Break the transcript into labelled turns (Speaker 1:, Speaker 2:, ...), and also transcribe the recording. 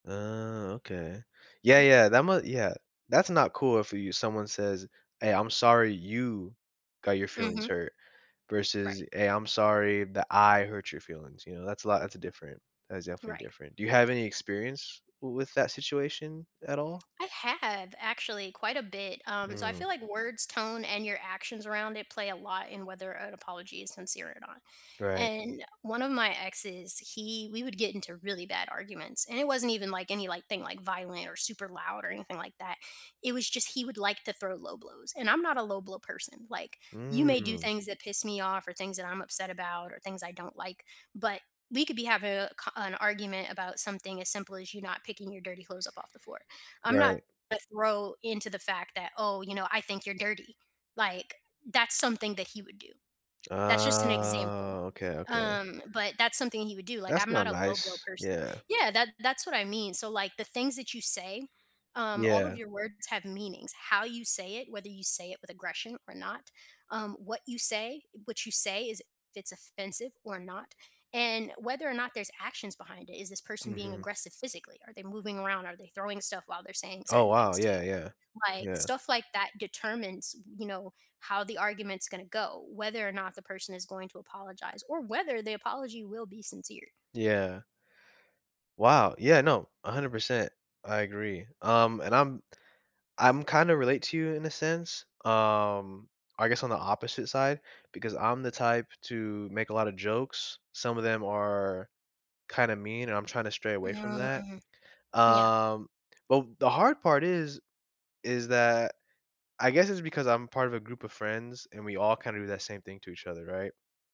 Speaker 1: Uh, okay, yeah,
Speaker 2: Yeah.
Speaker 1: yeah, that ma yeah. That's not cool if you someone says, "Hey, I'm sorry you got your feelings
Speaker 2: Mhm.
Speaker 1: hurt," versus,
Speaker 2: Right.
Speaker 1: "Hey, I'm sorry that I hurt your feelings," you know, that's a lot it's a different. That's definitely
Speaker 2: Right.
Speaker 1: different. Do you have any experience w with that situation at all?
Speaker 2: I have, actually quite a bit, um, so I
Speaker 1: Mm.
Speaker 2: feel like words, tone, and your actions around it play a lot in whether an apology is sincere or not.
Speaker 1: Right.
Speaker 2: And one of my exes, he we would get into really bad arguments, and it wasn't even, like, any, like, thing, like, violent or super loud or anything like that. It was just he would, like, to throw low blows, and I'm not a low blow person, like, you may do
Speaker 1: Mm.
Speaker 2: things that piss me off or things that I'm upset about or things I don't like but we could be having a co an argument about something as simple as you not picking your dirty clothes up off the floor. I'm not
Speaker 1: Right.
Speaker 2: a throw into the fact that, "Oh, you know, I think you're dirty," like, that's something that he would do. That's just an example.
Speaker 1: Oh, okay, okay.
Speaker 2: Um, but that's something he would do, like,
Speaker 1: That's
Speaker 2: I'm
Speaker 1: not
Speaker 2: not a low blow
Speaker 1: nice.
Speaker 2: person.
Speaker 1: Yeah.
Speaker 2: Yeah, that that's what I mean. So, like, the things that you say, um, all of
Speaker 1: Yeah.
Speaker 2: your words have meanings, how you say it, whether you say it with aggression or not, um, what you say what you say is if it's offensive or not, and whether or not there's actions behind it. Is this person being
Speaker 1: Mhm.
Speaker 2: aggressive physically? Are they moving around? Are they throwing stuff while they're saying
Speaker 1: Oh,
Speaker 2: certain
Speaker 1: wow,
Speaker 2: things to you?
Speaker 1: yeah, yeah.
Speaker 2: Like,
Speaker 1: Yeah.
Speaker 2: stuff like that determines, you know, how the argument's gonna go, whether or not the person is going to apologize or whether the apology will be sincere.
Speaker 1: Yeah. Wow, yeah, no, 100%, I agree, um, and I'm I'm kinda relate to you in a sense, um, I guess, on the opposite side, because I'm the type to make a lotta jokes, some of them are kinda mean, and I'm trying to stray away from that.
Speaker 2: Mm. Yeah.
Speaker 1: Um, but w the hard part is is that I guess it's because I'm part of a group of friends, and we all kinda do that same thing to each other, right?